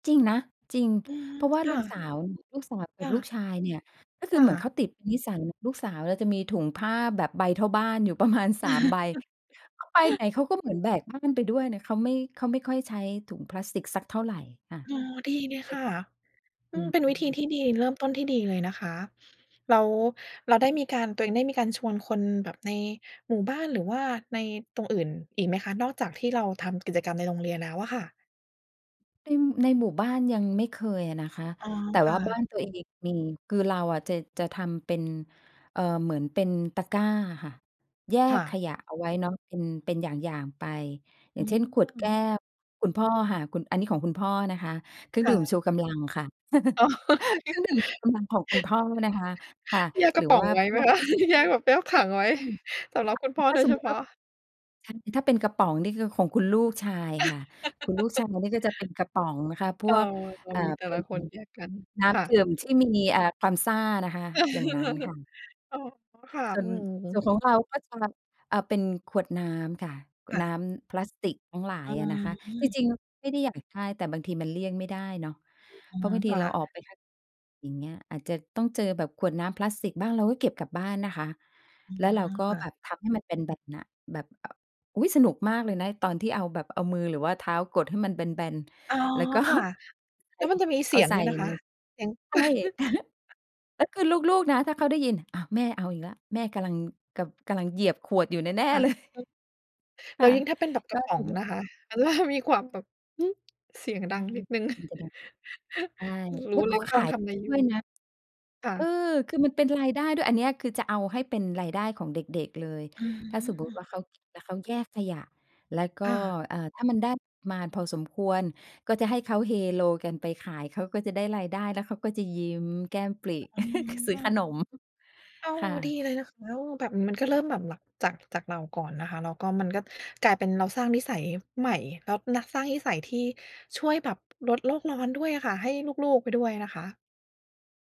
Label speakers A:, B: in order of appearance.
A: จริงนะ จริง
B: อือ
A: เพราะว่า
B: ค
A: ล
B: ่
A: ูกส
B: ะ
A: าว ลูกสาว
B: ค
A: กั
B: ่
A: บลูก
B: ะ
A: ชายเนี่ย ก็ค
B: ค
A: ือ
B: ่
A: เหมือนเขา
B: ะ
A: ติดเป็นนิสัย ลูกสาวเราจะมีถุงผ้าแบบใบเท่าบ้านอยู่ประมาณ 3 ใบ เขาไปไหนเขาก็เหมือนแบกบ้านไปด้วยนะ เขาไม่ เขาไม่ค่อยใช้ถุงพลาสติกสักเท่าไรค่ะ
B: อ๋อ ดีเลย
A: เล
B: ค
A: ย
B: ่ะ อ
A: อ
B: ื
A: ื
B: ม เป็นวิธี
A: ม ๆ
B: ที่ดี เริ่มต้นที่ดีเลยนะคะ แล้วเราได้มีการ ตัวเองได้มีการชวนคนแบบในหมู่บ้าน หรือว่าในตรงอื่นอีกไหมคะ? นอกจากที่เราทำกิจกรรมในโรงเรียนแล้วอะค่ะ
A: อือ ในหมู่บ้านยังไม่เคยอะนะคะ
B: อ๋อ
A: แต่
B: ค
A: ว
B: ่
A: ่าบ้าน
B: ะ
A: ตัวเองมี คือเราอะ จะ จะทำเป็น เอ่อ เหมือนเป็นตะกร้าอะค่ะ แย
B: ค่
A: กข
B: ะ
A: ยะเอาไว้เนาะ เป็น เป็นอย่าง ๆ ไป อย
B: อ
A: ่าง
B: ื
A: เช่น ขวด
B: ม
A: แก้ว คุณพ่ออะค่ะ คุณ อันนี้ของคุณพ่อนะคะ เครื่อ
B: ค
A: ง
B: ่
A: ดื่ม
B: ะ
A: ชูกำลังค่ะ เครื่องดื่มกำลังของคุณพ่อนะคะ ค่ะ
B: แยกก
A: ห
B: ร
A: รื
B: ะ
A: อ
B: ป๋
A: ว
B: อ
A: ่
B: ง
A: า
B: ไว้
A: พ
B: ไหม
A: วก
B: คะ? แยกแบบแยกถังไว้ สำหรับคุณพ่อ
A: ถ้
B: โ
A: า
B: ด
A: ส
B: ยเ
A: ม
B: ฉ
A: มุต
B: พ
A: ิ
B: า
A: ว่า
B: ะ
A: ถ้าเป็นกระป๋องนี่คือ ของคุณลูกชายค่ะ คุณลูกชายนี่ก็จะเป็นกระป๋องนะคะ พ
B: เออ
A: วก
B: เรา
A: เอ่อ
B: มีแต่
A: เป็
B: ละ
A: น
B: คนแยกกัน
A: น้
B: ค่
A: ำด
B: ะ
A: ื่มที่มี เอ่อ ความซ่านะคะ อย่างงั้นค่ะ
B: อ๋อ ค่ะ
A: ส่ว
B: อื
A: น ส่ว
B: ม
A: นของเราก็จะ อ่า เป็นขวดน้ำค่ะ ข
B: ค
A: วด
B: ่
A: น้
B: ะ
A: ำพลาสติกทั้งหลา
B: อ
A: ย
B: ๋
A: อะนะคะ จ
B: อ
A: ริง ๆ ไม่ได้อยากได้ แต่บางทีมันเลี่ยงไม่ได้เนาะ
B: อื
A: เพราะ
B: อ
A: บางท
B: ค
A: ี
B: ่
A: เรา
B: ะ
A: ออกไปข้าง อย่างเงี้ย อาจจะต้องเจอแบบขวดน้ำพลาสติกบ้าง เราก็เก็บกลับบ้านนะคะ
B: อื
A: แล้วเรา
B: ม
A: ก็
B: ค่ะ
A: แบบพับให้มันเป็นแบบเนี้ย แบบ อ่า อุ๊ย สนุกมากเลยนะตอนที่เอาแบบเอามือ หรือว่าเท้ากดให้มันเป็นแบน
B: อ๋อ
A: ๆ แล้ว ก็
B: ค่ะ แล้วมันจะมีเส
A: เอ
B: ี
A: า
B: ยง
A: ใส่
B: ด้วยนะค
A: ใน
B: ะ เสียง
A: ใช่ แล้วคือลูก ๆ นะ ถ้าเขาได้ยิน อ้าว แม่เอาอีกแล้ว แม่ กำลัง กะ กำลังเหยียบขวดอยู่แน่
B: ค่ะ
A: ๆ เลย
B: แล
A: ค
B: ้
A: ่ะ
B: วยิ่งถ้าเป็นแบบก
A: ก
B: ร
A: ็
B: ะป๋
A: ท
B: อ
A: ี
B: ง
A: เนี้ย
B: นะคะ ต ล่า มีความแบบ อือ เสียงด
A: ใ
B: ั
A: ช่
B: งนิดหนึ่ง
A: มันจะ ใช่
B: ร
A: แล
B: ู้
A: ้ว
B: เ
A: ก
B: ล
A: ็
B: ยว่า
A: ข
B: กำล
A: า
B: ัง
A: ย
B: ทำอะไรอ
A: ด
B: ยู
A: ้
B: ่
A: วยนะ
B: ค่ะ
A: เออ คือมันเป็นรายได้ด้วย อันเนี้ยคือจะเอาให้เป็นรายได้ของเด็ก ๆ เลย
B: อ
A: ถ้าสมมุติว
B: า
A: ่า เขาเก็บแล้วเขาแยกขยะ แล้วก็
B: ค่ะ
A: เอ่อ ถ้ามันได้ มาพอสมควร ก็จะให้เขาเฮโลกันไปขาย เขาก็จะได้รายได้ แล้วเขาก็จะยิ้มแก้มปริ
B: อื
A: ซื้อข
B: ม
A: นม
B: อ้าว
A: ค่
B: ดี
A: ะ
B: เลยนะคะ แล้วแบบมันก็เริ่มแบบหลัก จาก จากเราก่อนนะคะ แล้วก็มันก็กลายเป็นเราสร้างนิสัยใหม่ แล้วนักสร้างนิสัยที่ช่วยแบบลดโลกร้อนด้วยอะค่ะ ให้ลูก ๆ ไปด้วยนะคะ